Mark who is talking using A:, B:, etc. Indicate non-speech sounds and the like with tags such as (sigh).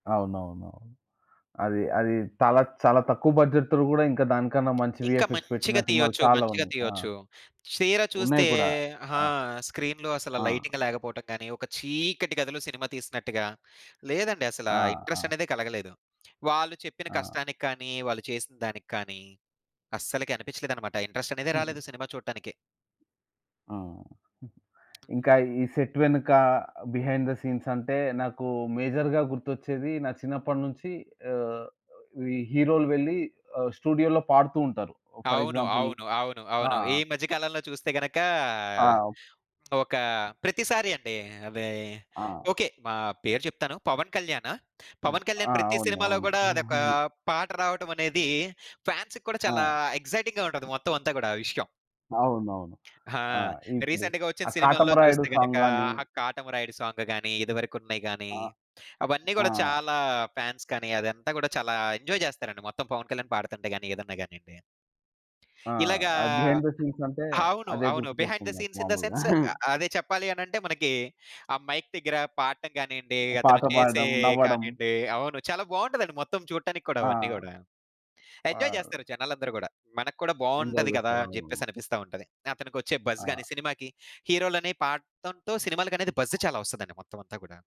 A: అవునవునునవును. అది అది తాలా చాలా తక్కువ బడ్జెట్ త్రు కూడా ఇంకా దానికన్నా మంచి
B: ఇంకా
A: వీఎఫ్ఎక్స్ పెట్టిన
B: మంచిగా
A: సినిమాలు
B: తీయొచ్చు
A: చాలా
B: మంచిగా
A: ఉన్నాయి. ఆ!
B: తీయొచ్చు. చీర
A: ఉన్నాయి
B: చూస్తే
A: కూడా.
B: ఆ!
A: ఆ!
B: స్క్రీన్‌లో అసలు
A: ఆ!
B: లైటింగ్ లేకపోవటం గాని, ఒక చీకటి గదులు సినిమా తీసినట్టుగా లేదండి. అసల
A: ఆ!
B: ఇంట్రెస్ట్
A: ఆ!
B: అనేదే కలగలేదు. వాళ్ళు చెప్పిన
A: ఆ!
B: కష్టానికి కానీ, వాళ్ళు చేసిన దానికి కానీ, అస్సలకి అనిపించలేదన్నమాట. ఇంట్రెస్ట్ అనేదే రాలేదు
A: అయి
B: సినిమా చూడటానికి.
A: అవును. (giggles)
B: హ్మ్.
A: ఇంకా ఈ సెట్ వెనుక, బిహైండ్ ద సీన్స్ అంటే నాకు మేజర్‌గా గుర్తొచ్చేది నా చిన్నప్పటి నుంచి
B: హ్మ్.
A: ఆహ్, ఈ హీరోలు వెళ్లి ఆహ్, స్టూడియోలో పాడుతూ ఉంటారు. ఓ ఫర్
B: అవును,
A: ఎగ్జాంపుల్
B: అవును, అవును,
A: ఆ!
B: అవును. ఈ మధ్య కాలంలో చూస్తే గనక,
A: ఆ!
B: ఒక ప్రతిసారి అండి. అది
A: ఆ!
B: ఓకే. మా పేరు చెప్తాను పవన్ కళ్యాణు.
A: హ్మ్.
B: పవన్
A: ఆ!
B: కళ్యాణ్ ప్రతి
A: అవును.
B: సినిమాలో
A: అవును.
B: గూడా, అదొక
A: (giggles)
B: పాట రావటం అనేది ఫాన్స్‌కి కూడా, చాలా
A: ఆ!
B: ఎక్సైటింగ్‌గా ఉంటది మొత్తం అంతా గూడా ఆ విషయం.
A: అవునవును.
B: ఆ!
A: ఆ! ఇప్పుడు
B: రీసెంట్‌గా ఒచ్చిన
A: ఆ
B: సినిమాల్లో
A: 'కాటమరాయుడు'
B: చూస్తే గనుక,
A: సాంగ్‌ గాని
B: ఆ 'కాటమరాయుడు' సాంగ్ గాని, ఇదివరకు ఉన్నయి గాని
A: ఆ!
B: అవన్నీ
A: ఆ!
B: గూడా చాలా ఫాన్స్ కని అదంతా గూడా చాలా ఎంజాయ్ జేస్తారండి మొత్తం పవన్ కళ్యాణ్ పాడుతుంటే గాని ఏదన్నా గానియండి.
A: ఆ!
B: ఇలాగా
A: ఆ బిహైండ్ ద సీన్స్ అంటే
B: అవును.
A: అదే
B: అవును. బిహైండ్
A: గుర్తుకొస్తుంది
B: ద
A: నాకు
B: సీన్స్ ఇన్ ద
A: మాములుగా.
B: సెన్స్ ఆహ్,
A: (chuckles)
B: అదే చెప్పాలి అని అంటే మనకి, ఆ మైక్ దగ్గర పాడటం గానియండి,
A: ఆ! పాట
B: అతను చేసే
A: పాడడం, నవ్వడం.
B: కానియండి అవును. చాలా బాగుంటదండి. మొత్తం చూడటానికి కూడా అవన్నీ
A: ఆ!
B: గూడా. Enjoy
A: wow!
B: జేస్తారు జనాలందరూ గూడా, మనకు కూడా
A: ఎంజాయ్
B: బాగుంటది గదా!
A: జేస్తారు.
B: అని
A: అవునవును.
B: జెప్పేసి అనిపిస్తా ఉంటది. అతనికొచ్చే బజ్‌
A: ఆ!
B: గాని సినిమాకి హీరోలని పాడటంతో సినిమాలకి బజ్‌ చాలా ఒస్తదండి మొత్తం అంతా గూడా.